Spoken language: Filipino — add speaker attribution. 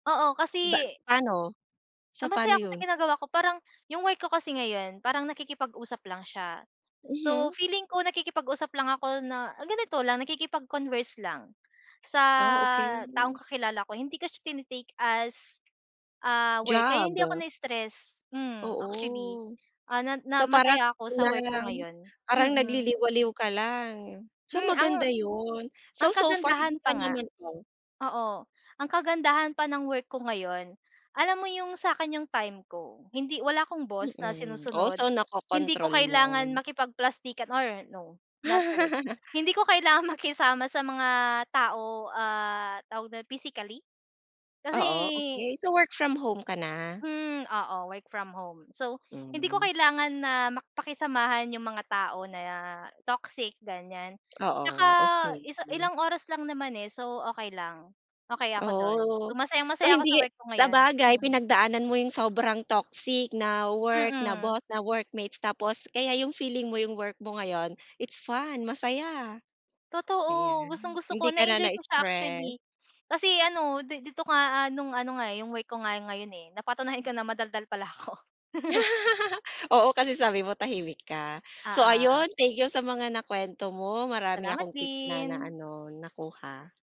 Speaker 1: Oo
Speaker 2: Ba
Speaker 1: kasi
Speaker 2: pa'no? So
Speaker 1: ah, masaya
Speaker 2: pa'no
Speaker 1: ako sa
Speaker 2: yun?
Speaker 1: ginagawa ko. Parang yung work ko kasi ngayon, parang nakikipag-usap lang siya. So,
Speaker 2: Mhm.
Speaker 1: feeling ko nakikipag-usap lang ako na, ah, ganito lang, nakikipag-converse lang, sa
Speaker 2: Oh,
Speaker 1: taong
Speaker 2: okey.
Speaker 1: kakilala ko. Hindi ko siya tine-take as, ah, work, kaya
Speaker 2: Job.
Speaker 1: hindi ako nai-stress. Hmm, actually,
Speaker 2: Oo.
Speaker 1: ah, na na
Speaker 2: So, parang
Speaker 1: masaya ako sa work ko
Speaker 2: kulang.
Speaker 1: ngayon.
Speaker 2: Parang
Speaker 1: Mm.
Speaker 2: nagliliwaliw ka lang. So
Speaker 1: Hmm. Ang
Speaker 2: maganda yun. So
Speaker 1: ang
Speaker 2: so far hindi
Speaker 1: kagandahan pa
Speaker 2: ka
Speaker 1: nga
Speaker 2: naman, oh
Speaker 1: oo. Ang kagandahan pa ng work ko ngayon, alam mo yung sa'kin yung time ko. Hindi wala akong boss na
Speaker 2: Mm. Oh,
Speaker 1: sinusunod.
Speaker 2: so
Speaker 1: Hindi ko
Speaker 2: nakokontrol mo.
Speaker 1: kailangan makipagplastikan or no, not the word. Hindi ko kailangang makisama sa mga tao, ah, tawag dun, physically. Kasi
Speaker 2: Oo, okey. So, work from home ka na?
Speaker 1: hmm, oo, work from home. So, hindi ko
Speaker 2: Hmm.
Speaker 1: kailangan na mak pakisamahan yung mga tao na toxic, ganiyan. Tsaka
Speaker 2: Oo. Okey.
Speaker 1: isa ilang oras lang naman, eh, so okey lang. Okey ako dun.
Speaker 2: Oh,
Speaker 1: So,
Speaker 2: so
Speaker 1: masayang-masaya ako sa
Speaker 2: hindi
Speaker 1: work ko ngayon.
Speaker 2: sabagay,
Speaker 1: Mm.
Speaker 2: pinagdaanan mo yung sobrang toxic na work, na
Speaker 1: Mhm.
Speaker 2: boss, na workmates, tapos kaya yung feeling mo yung work mo ngayon, it's fun, masaya.
Speaker 1: Totoo.
Speaker 2: Ayan,
Speaker 1: Gustong-gusto
Speaker 2: hindi
Speaker 1: ko.
Speaker 2: ka na
Speaker 1: Na-e-enjoy ko siya
Speaker 2: na-stress.
Speaker 1: actually, kasi ano, di dito nga, ah, nung ano nga, eh, yung work ko nga ngayon, eh, napatunayan ko na madaldal pala ako.
Speaker 2: Oo, kasi sabi mo tahimik ka. So
Speaker 1: Oo.
Speaker 2: ayun, thank you sa mga na kuwento mo. Marami
Speaker 1: Salamat
Speaker 2: akong tip na
Speaker 1: din.
Speaker 2: na-ano, nakuha.